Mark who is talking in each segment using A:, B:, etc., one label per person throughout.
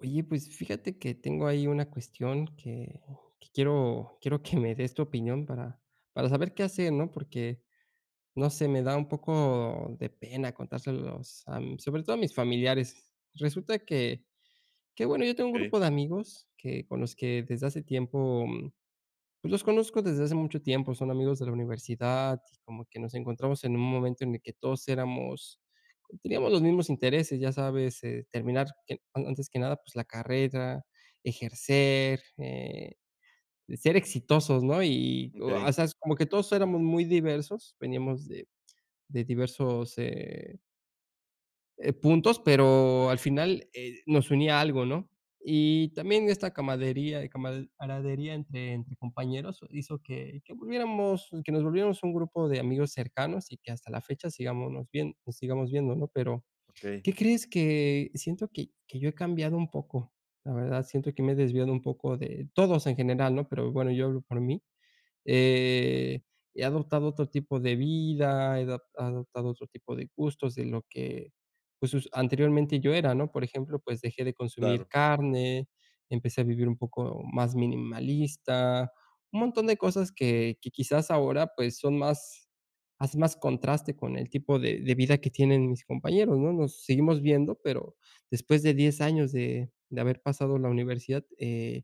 A: Oye, pues, fíjate que tengo ahí una cuestión que que quiero quiero, que me des tu opinión para para saber qué hacer, ¿no?, porque, no sé, me da un poco de pena contárselos, am, sobre todo a mis familiares, resulta que que bueno, yo tengo un
B: Okey.
A: grupo de amigos que con los que desde hace tiempo, pues, los conozco desde hace mucho tiempo, son amigos de la universidad, y como que nos encontramos en un momento en el que todos éramos teníamos los mismos intereses, ya sabes, eh, terminar, que, a antes que nada, pues, la carrera, ejercer, eh, ser exitosos, ¿no?, y, o a o
B: Okey.
A: sea, s como que todos éramos muy diversos, veníamos de de diversos, eh eh, puntos, pero al final, eh, nos unía algo, ¿no?, y también esta camaradería y camad camadería entre entre compañeros hizo que que volviéramos que nos volviéramos un grupo de amigos cercanos, y que hasta la fecha sigámonos vien sigamos viendo, ¿no?, pero,
B: Okey.
A: ¿qué crees?, que siento que que yo he cambiado un poco, la verdad, siento que me he desviado un poco de todos en general, ¿no?, pero bueno, yo hablo por mí, eh, he adoptado otro tipo de vida, he dop adoptado otro tipo de gustos de lo que, pues, us anteriormente yo era, ¿no?, por ejemplo, pues, dejé de consumir
B: Claro.
A: carne, empecé a vivir un poco más minimalista, un montón de cosas que que quizás ahora, pues, son más hacen más contraste con el tipo de de vida que tienen mis compañeros, ¿no?, nos seguimos viendo, pero después de 10 años de de haber pasado la universidad, eh,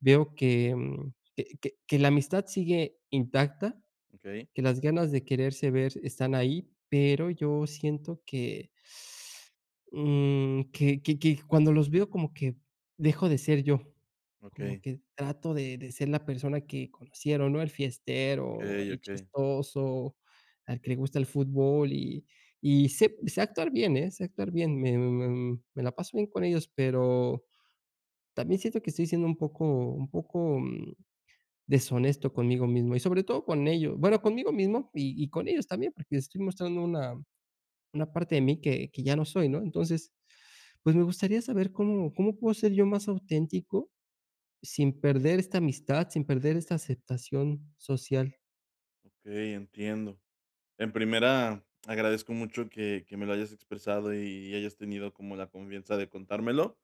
A: veo que mm que que que la amistad sigue intacta,
B: Okey.
A: que las ganas de quererse ver están ahí, pero yo siento que, um, que que que cuando los veo como que dejo de ser yo, como
B: Okey.
A: que trato de de ser la persona que conocieron, ¿no?, el fiestero,
B: Okey,
A: el
B: okey.
A: chistoso, al que le gusta el fútbol, y y sé sé actuar bien, eh, sé actuar bien, me me me la paso bien con ellos, pero también siento que estoy siendo un poco un poco, mm, deshonesto conmigo mismo y sobre todo con ellos, bueno, conmigo mismo y y con ellos también, porque estoy mostrando una, una parte de mí que que ya no soy, ¿no?, entonces, pues, me gustaría saber, ¿cómo cómo puedo ser yo más auténtico sin perder esta amistad, sin perder esta aceptación social?
B: Okey, entiendo. En primera, agradezco mucho que que me lo hayas expresado y y hayas tenido como la confianza de contármelo,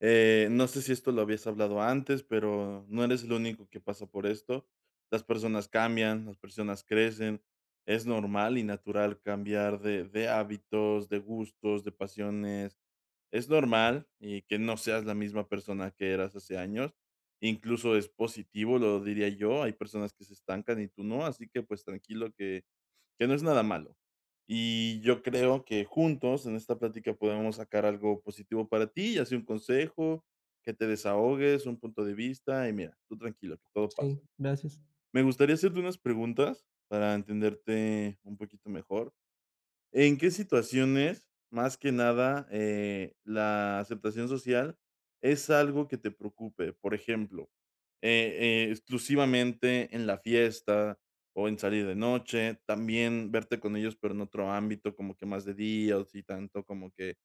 B: eh, no sé si esto lo habías hablado antes, pero no eres el único que pasa por esto. Las personas cambian, las personas crecen, es normal y natural cambiar de de hábitos, de gustos, de pasiones. Es normal, y que no seas la misma persona que eras hace años, incluso es positivo, lo diría yo, hay personas que se estancan y tú no, así que, pues, tranquilo, que que no es nada malo. Y yo creo que juntos en esta plática podemos sacar algo positivo para ti, ya sea un consejo, que te desahogues, un punto de vista, y mira, tú tranquilo, todo
A: Sí,
B: pasa.
A: gracias.
B: Me gustaría hacerte unas preguntas para entenderte un poquito mejor. ¿En qué situaciones, más que nada, eh, la aceptación social es algo que te preocupe? Por ejemplo, eh, exclusivamente en la fiesta o en salir de noche, también verte con ellos pero en otro ámbito, como que más de día, o si tanto como que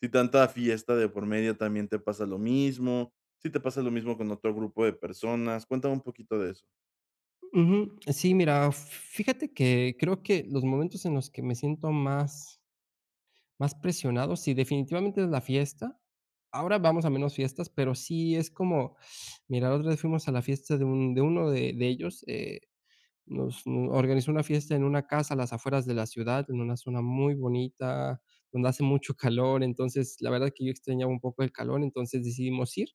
B: si tanta fiesta de por medio también te pasa lo mismo, si te pasa lo mismo con otro grupo de personas. Cuéntame un poquito de eso.
A: Ujú. Sí, mira, fíjate que creo que los momentos en los que me siento más más presionado, sí, definitivamente es la fiesta. Ahora vamos a menos fiestas, pero sí es como Mira, la otra vez fuimos a la fiesta de un de uno de de ellos, eh, nos organizó una fiesta en una casa a las afueras de la ciudad en una zona muy bonita, donde hace mucho calor, entonces, la verdad que yo extrañaba un poco el calor, entonces decidimos ir.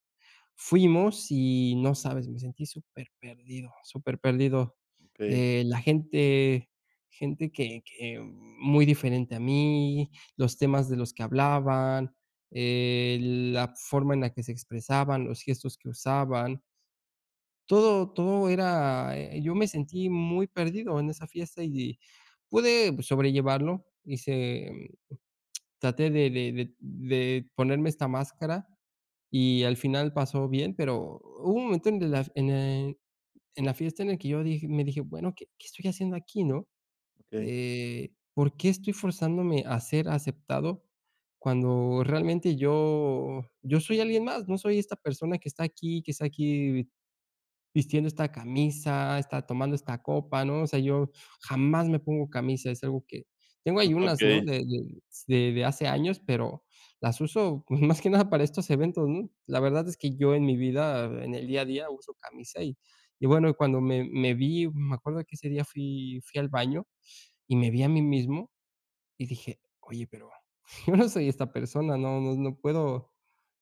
A: Fuimos y no sabes, me sentí superperdido, superperdido,
B: Okey.
A: eh, la gente, gente que que muy diferente a mí, los temas de los que hablaban, eh, la forma en la que se expresaban, los gestos que usaban. Todo todo era eh, yo me sentí muy perdido en esa fiesta y pude sobrellevarlo. Hice, em traté de de de de ponerme esta máscara y al final pasó bien, pero hubo un momento en que las en el en la fiesta en el que yo dije me dije: "Bueno, ¿qué qué estoy haciendo aquí?", ¿no?
B: Hey
A: Eh, ¿por qué estoy forzándome a ser aceptado cuando realmente yo yo soy alguien más? No soy esta persona que está aquí que está aquí vistiendo esta camisa, está tomando esta copa, ¿no? O sea, yo jamás me pongo camisa, es algo que Tengo
B: No,
A: ahí unas, ¿no?,
B: okey.
A: de de s de de hace años, pero las uso más que nada para estos eventos, ¿no? La verdad es que yo en mi vida, en el día a día, uso camisa y y, bueno, cuando me me vi, me acuerdo de que ese día fui fui al baño y me vi a mí mismo y dije: "Oye pero, yo no soy esta persona, no no no puedo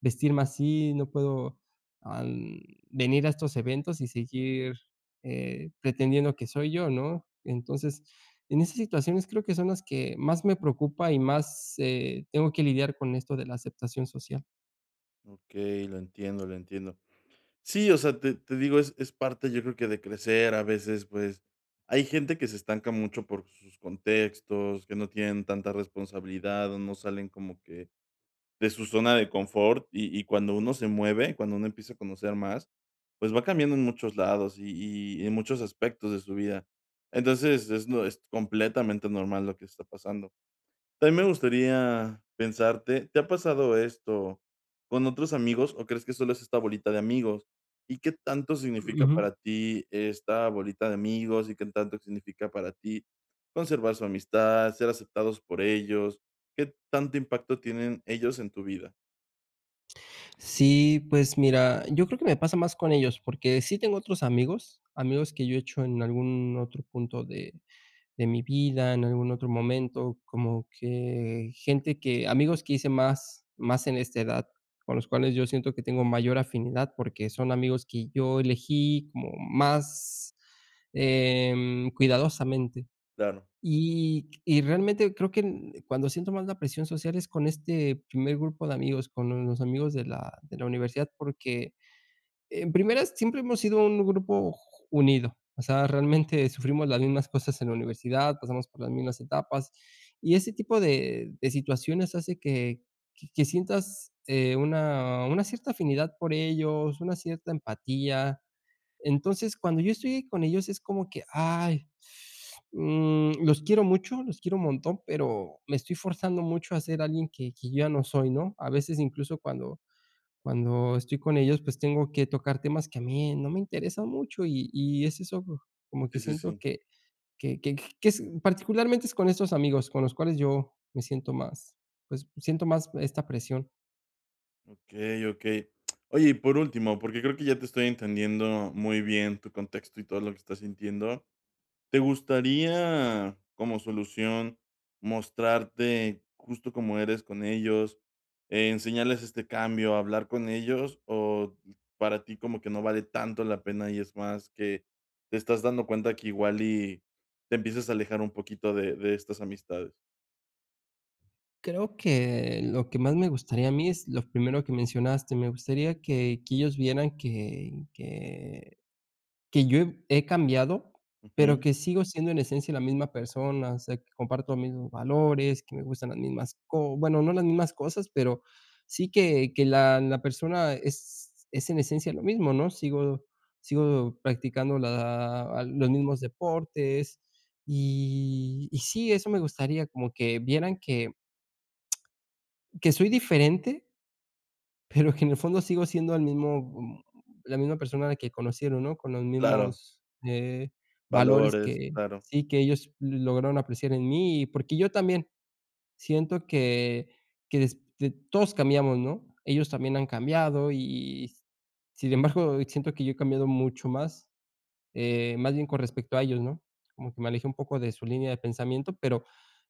A: vestirme así, no puedo, am, venir a estos eventos y seguir, eh, pretendiendo que soy yo, ¿no?". Entonces, en esas situaciones creo que son las que más me preocupa y más, eh, tengo que lidiar con esto de la aceptación social.
B: Okey, lo entiendo, lo entiendo. Sí, o sea, te te digo, es es parte, yo creo que de crecer, a veces, pues, hay gente que se estanca mucho por sus contextos, que no tienen tanta responsabilidad, o no salen como que de su zona de confort, y y cuando uno se mueve, cuando uno empieza a conocer más, pues va cambiando en muchos lados y y en muchos aspectos de su vida. Entonces, es lo es completamente normal lo que está pasando. También me gustaría pensarte, ¿te ha pasado esto con otros amigos, o crees que solo es esta bolita de amigos? ¿Y qué tanto significa
A: Ujú.
B: para ti esta bolita de amigos, y qué tanto significa para ti conservar su amistad, ser aceptados por ellos? ¿Qué tanto impacto tienen ellos en tu vida?
A: Sí, pues mira, yo creo que me pasa más con ellos, porque sí tengo otros amigos, amigos que yo he hecho en algún otro punto de de mi vida, en algún otro momento, como que gente que amigos que hice más más en esta edad, con los cuales yo siento que tengo mayor afinidad porque son amigos que yo elegí como más, em, cuidadosamente.
B: Claro.
A: Y y realmente creo que en cuando siento más la presión social es con este primer grupo de amigos, con los amigos de la de la universidad, porque en primera, siempre hemos sido un grupo j j unido. O sea, realmente sufrimos las mismas cosas en la universidad, pasamos por las mismas etapas y ese tipo de de situaciones hace que que que sientas, eh, una una cierta afinidad por ellos, una cierta empatía. Entonces, cuando yo estoy ahí con ellos es como que, ay, mm, los quiero mucho, los quiero un montón, pero me estoy forzando mucho a ser alguien que que yo ya no soy, ¿no? A veces incluso cuando cuando estoy con ellos, pues tengo que tocar temas que a mí no me interesan mucho, y y es eso, como que
B: Sí, sí,
A: siento
B: sí.
A: que que que j que es, particularmente, es con esos amigos con los cuales yo me siento más pues, siento más esta presión.
B: Okey, okey. Oye, y por último, porque creo que ya te estoy entendiendo muy bien tu contexto y todo lo que estás sintiendo, ¿te gustaría como solución mostrarte justo como eres con ellos, eh, enseñarles este cambio, hablar con ellos, o para ti, como que no vale tanto la pena, y es más que te estás dando cuenta que igual y te empiezas a alejar un poquito de de estas amistades?
A: Creo que lo que más me gustaría a mí, es lo primero que mencionaste. Me gustaría que que ellos vieran que que que yo he he cambiado, pero
B: Ujú.
A: que sigo siendo en esencia la misma persona, o sea, que comparto los mismos valores, que me gustan las mismas co bueno, no las mismas cosas, pero sí que que la la persona es es en esencia lo mismo, ¿no? Sigo sigo practicando la ah, los mismos deportes, y y sí, eso me gustaría como que vieran que que soy diferente pero que en el fondo sigo siendo el mismo, mm, la misma persona que conocieron, ¿no? Con los
B: Claro.
A: mismos eh, valores
B: Valores,
A: que
B: claro.
A: sí que ellos lograron apreciar en mí, y porque yo también siento que que des de todos cambiamos, ¿no? Ellos también han cambiado, y y, sin embargo, siento que yo he cambiado mucho más, eh, más bien con respecto a ellos, ¿no? Como que me alejé un poco de su línea de pensamiento, pero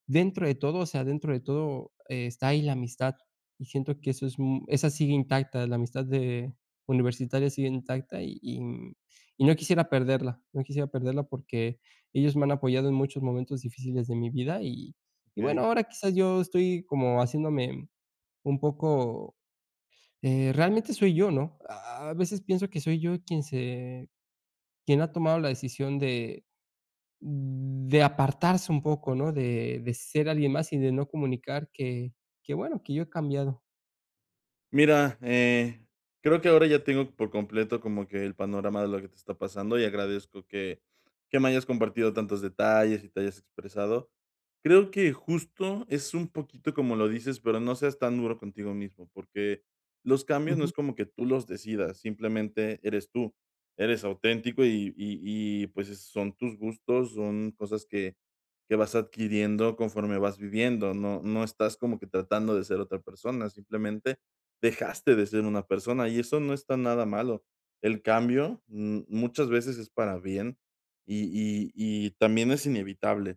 A: dentro de todo, o sea, dentro de todo, está ahí la amistad. Y siento que eso es, mm, esa sigue intacta, la amistad de universitaria sigue intacta y, mm, y no quisiera perderla. No quisiera perderla porque ellos me han apoyado en muchos momentos difíciles de mi vida, y y bueno,
B: Okey.
A: ahora quizás yo estoy como haciéndome un poco, eh, realmente soy yo, ¿no? A a veces pienso que soy yo quien se quien ha tomado la decisión de de apartarse un poco, ¿no? De de ser alguien más y de no comunicar que que bueno, que yo he cambiado.
B: Mira, eh, creo que ahora ya tengo por completo como que el panorama de lo que te está pasando y agradezco que que me hayas compartido tantos detalles y te hayas expresado. Creo que justo es un poquito como lo dices, pero no seas tan duro contigo mismo, porque los cambios no
A: Ujú.
B: es como que tú los decidas, simplemente eres tú. Eres auténtico y y y, pues, eh, son tus gustos, son cosas que que vas adquiriendo conforme vas viviendo. No no estás como que tratando de ser otra persona, simplemente dejaste de ser una persona, y eso no está nada malo. El cambio, mm, muchas veces es para bien, y y y también es inevitable.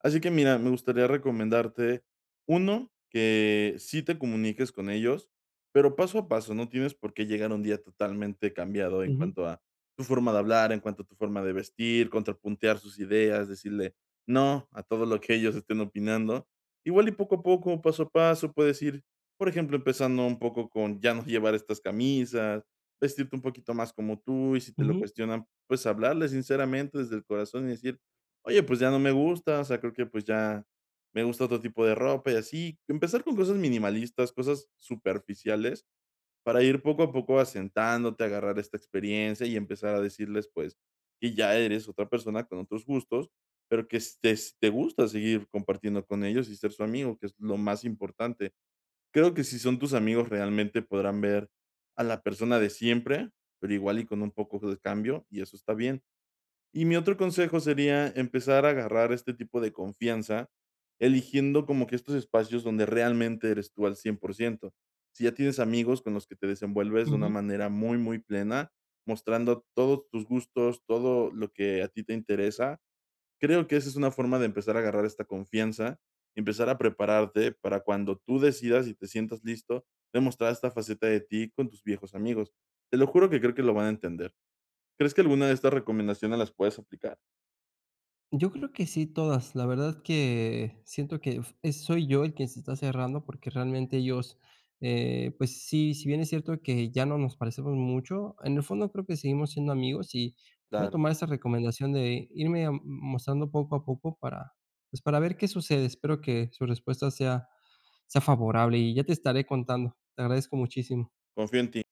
B: Así que mira, me gustaría recomendarte, 1, que sí te comuniques con ellos, pero paso a paso, no tienes por qué llegar un día totalmente cambiado en
A: Ujú.
B: cuanto a tu forma de hablar, en cuanto a tu forma de vestir, contrapuntear sus ideas, decirle "no" a todo lo que ellos estén opinando. Igual y poco a poco, paso a paso puedes ir, por ejemplo, empezando un poco con ya no llevar estas camisas, vestirte un poquito más como tú, y si te lo
A: Ujú.
B: cuestionan, pues hablarles sinceramente, desde el corazón y decir: "Oye, pues ya no me gusta, o sea, creo que, pues ya me gusta otro tipo de ropa", y así. Empezar con cosas minimalistas, cosas superficiales, para ir poco a poco asentándote, agarrar esta experiencia, y empezar a decirles, pues, que ya eres otra persona con otros gustos, pero que estés te gusta seguir compartiendo con ellos y ser su amigo, que es lo más importante. Creo que si son tus amigos realmente podrán ver a la persona de siempre, pero igual y con un poco de cambio, y eso está bien. Y mi otro consejo sería empezar a agarrar este tipo de confianza eligiendo como que estos espacios donde realmente eres tú al 100% Si ya tienes amigos con los que te desenvuelves de una
A: Ujú.
B: manera muy, muy plena, mostrando todos tus gustos, todo lo que a ti te interesa, creo que esa es una forma de empezar a agarrar esta confianza, empezar a prepararte para cuando tú decidas y te sientas listo, demostrar esta faceta de ti con tus viejos amigos. Te lo juro que creo que lo van a entender. ¿Crees que alguna de estas recomendaciones las puedes aplicar?
A: Yo creo que sí, todas. La verdad que siento que f eh, soy yo quien se está cerrando, porque realmente ellos, eh, pues, sí, si bien es cierto que ya no nos parecemos mucho, en el fondo creo que seguimos siendo amigos, y voy a
B: Claro.
A: tomar esa recomendación de irme, am, mostrando poco a poco para, pues, para ver qué sucede. Espero que su respuesta sea sea favorable y ya te estaré contando. Te agradezco muchísimo.
B: Confío en ti.